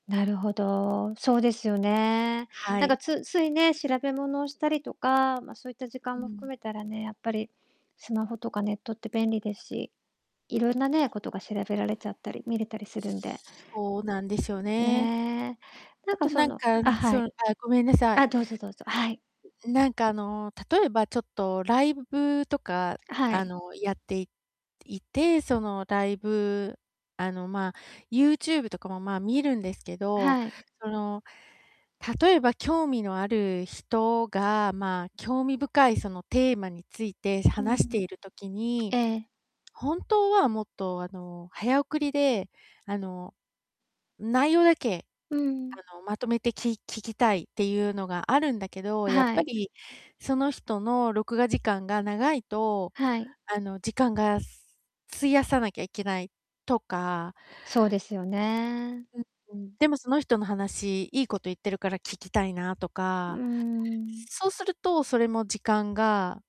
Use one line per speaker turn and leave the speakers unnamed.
なるほど、そうですよね。
は
なんか
い。
つつい、ね、調べ物をしたりとか、ま、そいった時
う
間も含
ん。
めたらね、やっぱりスマホとかネットって便利ですし、いろんなね、ことが調べられちゃったり見れたりするんで
そうなんですよね。
ね。なん
あ
か
と
そ
なん
の
か、
あ、は
その
い。
あ、ごめんなさい。
あ、どうぞどうぞ、はい。
なんか、あの、例えばちょっとライブとか、
は
あ
い。
の、やっていいて、その、ライブ、あの、まあ、ユーチューブとかも、まあ、見るんですけど、
はい。
その、例えば、興味のある人が、まあ、興味深い、その、テーマについて
う
話して
ん。
いる時に、
ええ。
本当はもっと、あの、早送りで、あの、内容だけ、
うん。
あの、まとめてき聞きたいってゆうのがあるんだけど、やっ
は
ぱ
い。
り、その人の録画時間が長いと、
はい。
あの、時間が費やさなきゃいけないとか
そうですよね。
うんうん、でもその人の話、いいこと言ってるから聞きたいなと
うー
か、
ん。
そうするとそれも時間が